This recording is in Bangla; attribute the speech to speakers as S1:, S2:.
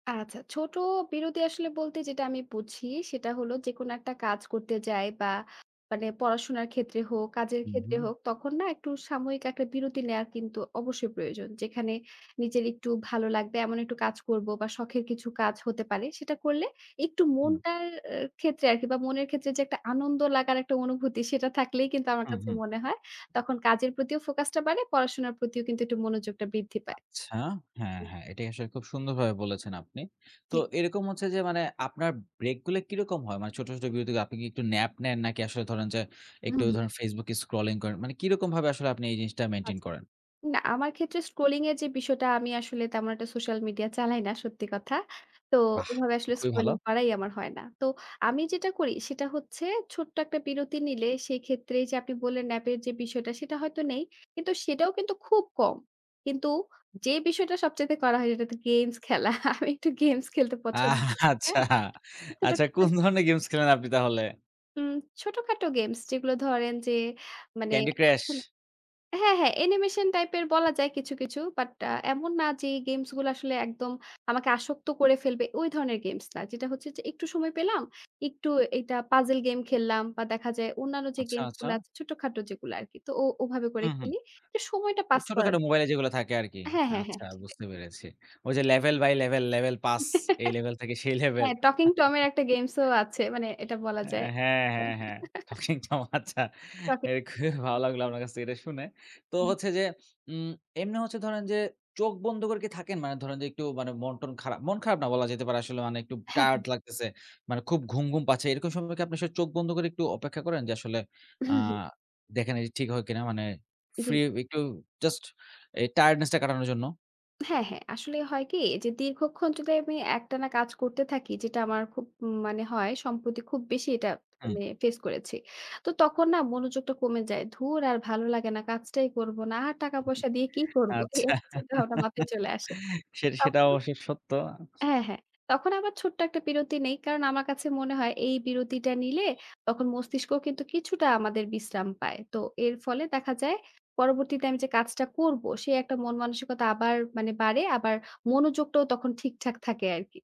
S1: আচ্ছা। ছোট বিরতি আসলে বলতে যেটা আমি বুঝি, সেটা হল যেকোনো একটা কাজ করতে যায় বা মানে পড়াশোনার ক্ষেত্রে হোক, কাজের
S2: হুম,
S1: ক্ষেত্রে
S2: হুম।
S1: হোক, তখন না? একটু সাময়িক একটা বিরতি নেয়ার কিন্তু অবশ্যই প্রয়োজন। যেখানে নিজের একটু ভালো লাগবে এমন একটু কাজ করব বা শখের কিছু কাজ হতে পারে সেটা করলে, একটু
S2: হুম।
S1: মনটার এ ক্ষেত্রে আরকি বা মনের ক্ষেত্রে যে একটা আনন্দ লাগার একটা অনুভূতি, সেটা থাকলেই কিন্তু আমার
S2: হুম,
S1: কাছে
S2: হুম।
S1: মনে হয়, তখন কাজের প্রতিও ফোকাসটা বাড়ে, পড়াশোনার প্রতিও কিন্তু একটু মনোযোগটা বৃদ্ধি পায়।
S2: আচ্ছা, হ্যাঁ, হ্যাঁ। এটাই আসলে খুব সুন্দরভাবে বলেছেন আপনি। তো
S1: ঠিক।
S2: এরকম হচ্ছে যে, মানে আপনার ব্রেকগুলি কীরকম হয়? মানে ছোট, ছোট বিরতিগুলো আপনি কী একটু ন্যাপ নেন? নাকি আসলে ধরেন যে,
S1: হুম,
S2: একটু
S1: হুম।
S2: ধরুন Facebook এ স্ক্রলিং করেন? মানে কীরকম ভাবে আসলে আপনি এই জিনিসটা মেইনটেইন
S1: আচ্ছা।
S2: করেন?
S1: না, আমার ক্ষেত্রে স্ক্রলিং এর যে বিষয়টা আমি আসলে তেমন একটা সোশ্যাল মিডিয়া চালাই না, সত্যি কথা। তো
S2: বাহ!
S1: এভাবে আসলে
S2: খুবই ভালো।
S1: স্ক্রোলিং করাই আমার হয় না। তো আমি যেটা করি সেটা হচ্ছে, ছোট্ট একটা বিরতি নিলে, সেই ক্ষেত্রে এইযে আপনি বললেন ন্যাপ এর যে বিষয়টা, সেটা হয়তো নেই। কিন্তু সেটাও কিন্তু খুব কম। কিন্তু যে বিষয়টা সবচাইতে করা হয় সেটা তো গেমস খেলা। আমি একটু গেমস খেলতে পছন্দ করি।
S2: আচ্ছা,
S1: হ্যাঁ?
S2: আচ্ছা কোন
S1: [unintelligible]
S2: ধরনের গেমস খেলেন আপনি তাহলে?
S1: হুম, ছোটখাটো গেমস। যেগুলো ধরেন যে মানে
S2: ক্যান্ডি ক্রাশ।
S1: হ্যাঁ, হ্যাঁ। অ্যানিমেশন টাইপের বলা যায় কিছু, কিছু। বাট আ এমন না যে, গেমস গুলো আসলে একদম আমাকে আসক্ত করে ফেলবে, ওই ধরনের গেমস না। যেটা হচ্ছে যে একটু সময় পেলাম, একটু এইটা পাজল গেম খেললাম বা দেখা যায় অন্যান্য যে
S2: আচ্ছা,
S1: গেমস
S2: আচ্ছা।
S1: গুলা আছে, ছোটখাটো যেগুলো আরকি। তো ও ওভাবে করে
S2: হুম, হুম।
S1: খেলি। সময়টা
S2: তো
S1: পাস করার
S2: ছোটখাটো মোবাইলে যেগুলা থাকে আরকি।
S1: হ্যাঁ, হ্যাঁ, হ্যাঁ।
S2: আচ্ছা,
S1: সেটাই।
S2: বুঝতে পেরেছি। ওই যে level by level, level pass; এই লেভেল থেকে সেই লেভেল।
S1: হ্যাঁ, টকিং টমের একটা গেমস ও আছে, মানে এটা বলা
S2: অ্যা
S1: যায়।
S2: হ্যাঁ, হ্যাঁ, হ্যাঁ। টকিং টম আচ্ছা। এ খুবই ভালো
S1: [unintelligible]
S2: লাগলো আপনার কাছে এটা শুনে। তো হচ্ছে যে উম এমনি হচ্ছে ধরেন যে, চোখ বন্ধ করে কি থাকেন? মানে ধরেন যে, একটু মন-টন খারাপ। মন খারাপ না, বলা যেতে পারে আসলে অনেক একটু
S1: হ্যাঁ,
S2: টায়ার্ড
S1: হ্যা।
S2: লাগতেছে, মানে খুব ঘুম, ঘুম পাচ্ছে, এরকম সময় কী আপনি সেই চোখ বন্ধ করে একটু অপেক্ষা করেন? যে, আসলে আ
S1: হুম, হুম।
S2: দেখেন এটি ঠিক হয় কী না? মানে
S1: জি।
S2: ফ্রি একটু জাস্ট এই টায়ার্ডনেস টা কাটানোর জন্য?
S1: হ্যাঁ, হ্যাঁ। আসলে হয় কী? যে, দীর্ঘক্ষণ যদি আমি একটানা কাজ করতে থাকি, যেটা আমার খুব ম মানে হয়, সম্প্রতি খুব বেশি এটা
S2: হুম।
S1: আমি ফেস করেছি। তো তখন না? মনোযোগটা কমে যায়। "ধুর আর ভালো লাগে না, কাজটাই করব না, আর টাকা পয়সা দিয়ে কী করব?" এই,
S2: আচ্ছা
S1: এই চিন্তাভাবনা মাথায় চলে আসে।
S2: সে সেটাও
S1: তখন
S2: অবশ্যই সত্য।
S1: হ্যাঁ, হ্যাঁ। তখন আমার ছোট্ট একটা বিরতি নেই। কারণ আমার কাছে মনে হয়, এই বিরতিটা নিলে তখন মস্তিষ্কও কিন্তু কিছুটা আমাদের বিশ্রাম পায়। তো এর ফলে দেখা যায় পরবর্তীতে আমি যে কাজটা করব, সে একটা মন-মানসিকতা আবার মানে বাড়ে, আবার মনোযোগটাও তখন ঠিকঠাক থাকে আরকি।